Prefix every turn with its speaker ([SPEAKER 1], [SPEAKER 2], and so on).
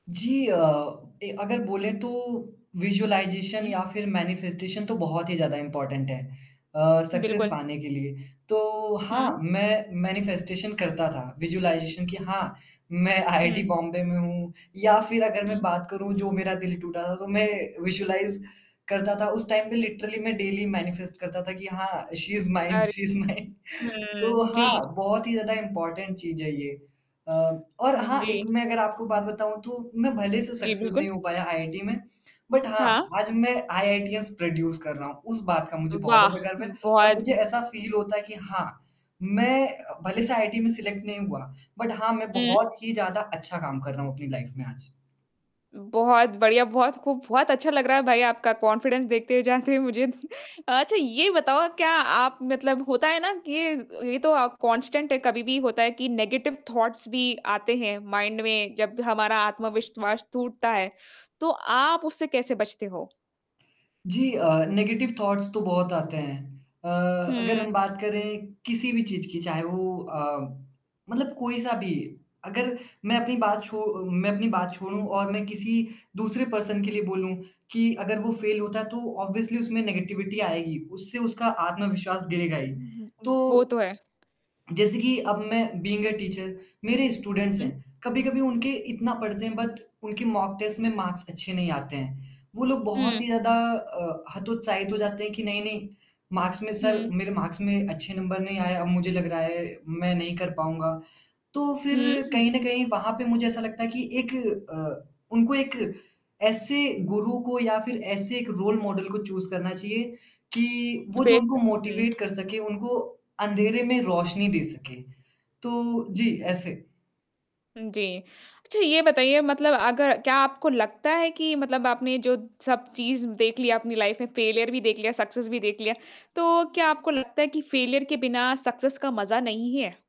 [SPEAKER 1] जी अ, ए अगर बोले तो विज़ुअलाइज़ेशन
[SPEAKER 2] हुँ।
[SPEAKER 1] या फिर मैनिफेस्टेशन तो बहुत ही ज़्यादा इम्पोर्टेंट है अ, सक्सेस
[SPEAKER 2] बिल्कुल।
[SPEAKER 1] पाने के लिए। तो हाँ,
[SPEAKER 2] हुँ।
[SPEAKER 1] मैं मैनिफेस्टेशन करता था, विज़ुअलाइज़ेशन कि हाँ, मैं आईआईटी
[SPEAKER 2] हुँ।
[SPEAKER 1] बॉम्बे में हूँ। या फिर अगर मैं
[SPEAKER 2] हुँ।
[SPEAKER 1] बात करूँ जो मेरा दिल टूटा था, तो मैं विज़ुअलाइज़ करता था उस टाइम पे लिटरली मैं डेली मैनिफेस्ट करता था कि हाँ, शी इज़ माइन
[SPEAKER 2] अरे!
[SPEAKER 1] शी इज़ माइन, तो
[SPEAKER 2] हुँ,
[SPEAKER 1] हाँ,
[SPEAKER 2] जी।
[SPEAKER 1] बहुत ही ज़्यादा इम्पोर्टेंट चीज़ है ये। अ, और
[SPEAKER 2] हुँ,
[SPEAKER 1] हाँ, एक
[SPEAKER 2] जी।
[SPEAKER 1] मैं अगर आपको एक बात बताऊँ तो, मैं भले से
[SPEAKER 2] जी,
[SPEAKER 1] सक्सेस नहीं
[SPEAKER 2] बिल्कुल।
[SPEAKER 1] हो पाया आईआईटी में, बट हाँ,
[SPEAKER 2] हाँ।
[SPEAKER 1] आज मैं आईआईटीएस प्रोड्यूस कर रहा हूँ। उस बात का मुझे
[SPEAKER 2] अ,
[SPEAKER 1] बहुत
[SPEAKER 2] वाह!
[SPEAKER 1] ज़्यादा गर्व है
[SPEAKER 2] हुँ,
[SPEAKER 1] और
[SPEAKER 2] बहुत
[SPEAKER 1] मुझे ऐसा फील होता है कि हाँ, मैं भले से आईटी में सलेक्ट नहीं हुआ, बट हाँ, मैं
[SPEAKER 2] हुँ।
[SPEAKER 1] बहुत ही ज़्यादा अच्छा काम कर रहा हूँ अपनी लाइफ में आज।
[SPEAKER 2] बहुत बढ़िया, बहुत खूब, बहुत अच्छा लग रहा है भाई आपका कॉन्फिडेंस देखते जाते मुझे। अच्छा, ये बताओ क्या आप मतलब होता है ना कि अ, ये तो आप कांस्टेंट है, कभी भी होता है कि नेगेटिव थॉट्स भी आते हैं, माइंड में जब द हमारा आत्मविश्वास टूटता है। तो आप उससे कैसे बचते हो?
[SPEAKER 1] जी अ, नेगेटिव थॉट्स तो बहुत आते हैं अ, अगर हम
[SPEAKER 2] हुँ।
[SPEAKER 1] बात करें किसी भी चीज़ की चाहे वो अ, मतलब कोई सा भी अगर मैं अपनी बात छो मैं अपनी बात छोड़ूँ और मैं किसी दूसरे पर्सन के लिए बोलूँ, कि अगर वो फ़ेल होता है तो ऑब्वियसली उसमें नेगेटिविटी आएगी, उससे उसका आत्मविश्वास गिरेगा ही।
[SPEAKER 2] वो
[SPEAKER 1] तो
[SPEAKER 2] तो है।
[SPEAKER 1] जैसे कि अब मैं बीइंग अ टीचर, मेरे स्टूडेंट्स
[SPEAKER 2] हुँ।
[SPEAKER 1] हैं, कभी-कभी उनके इतना पढ़ने के बाद, उनके मॉक टेस्ट में मार्क्स अच्छे नहीं आते हैं। वो लोग बहुत ही
[SPEAKER 2] हुँ।
[SPEAKER 1] ज़्यादा अ, हतोत्साहित हो जाते हैं कि नहीं, नहीं मार्क्स में सर
[SPEAKER 2] हुँ।
[SPEAKER 1] मेरे मार्क्स में अच्छे नंबर नहीं आए, अब मुझे लग रहा है, मैं नहीं कर पाऊँगा। तो
[SPEAKER 2] हुँ,
[SPEAKER 1] फिर कहीं
[SPEAKER 2] हुँ।
[SPEAKER 1] न कहीं वहाँ पे मुझे ऐसा लगता है कि एक अ, उनको एक ऐसे गुरु को या फिर ऐसे एक रोल मॉडल को चूज़ करना चाहिए, कि वो जो
[SPEAKER 2] बेशक,
[SPEAKER 1] उनको
[SPEAKER 2] हुँ।
[SPEAKER 1] मोटिवेट कर सके, उनको अँधेरे में रोशनी दे सके, तो जी, ऐसे।
[SPEAKER 2] उम, जी। अच्छा ये बताइए मतलब अगर क्या आपको लगता है कि मतलब आपने जो सब चीज़ देख लिया अपनी लाइफ में, फेलियर भी देख लिया, सक्सेस भी देख लिया, तो क्या आपको लगता है कि फेलियर के बिना सक्सेस का मज़ा नहीं है?